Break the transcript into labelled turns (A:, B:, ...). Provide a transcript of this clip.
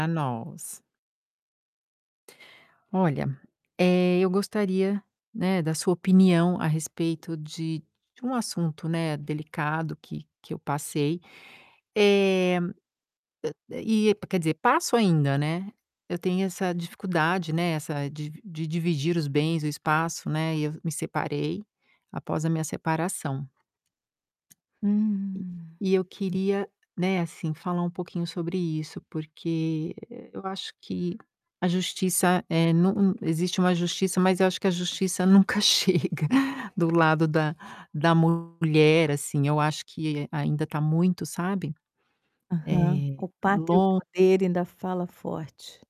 A: Pra nós. Olha, eh, eu gostaria, né, da sua opinião a respeito de de um assunto, né, delicado que que eu passei. Eh, a a e quer dizer, passo ainda, né. Eu tenho essa dificuldade, né, essa de de dividir os bens, o espaço, né. E eu me separei após a minha separação. E
B: Hum.
A: e eu queria, né, assim, falar um pouquinho sobre isso, porque, eh, eu acho que a justiça, eh, nu existe uma justiça, mas eu acho que a justiça nunca chega do lado da da mulher, assim. Eu acho que ainda tá muito, sabe,
B: Aham.
A: eh,
B: O pato e o
A: lon
B: poder ainda fala forte.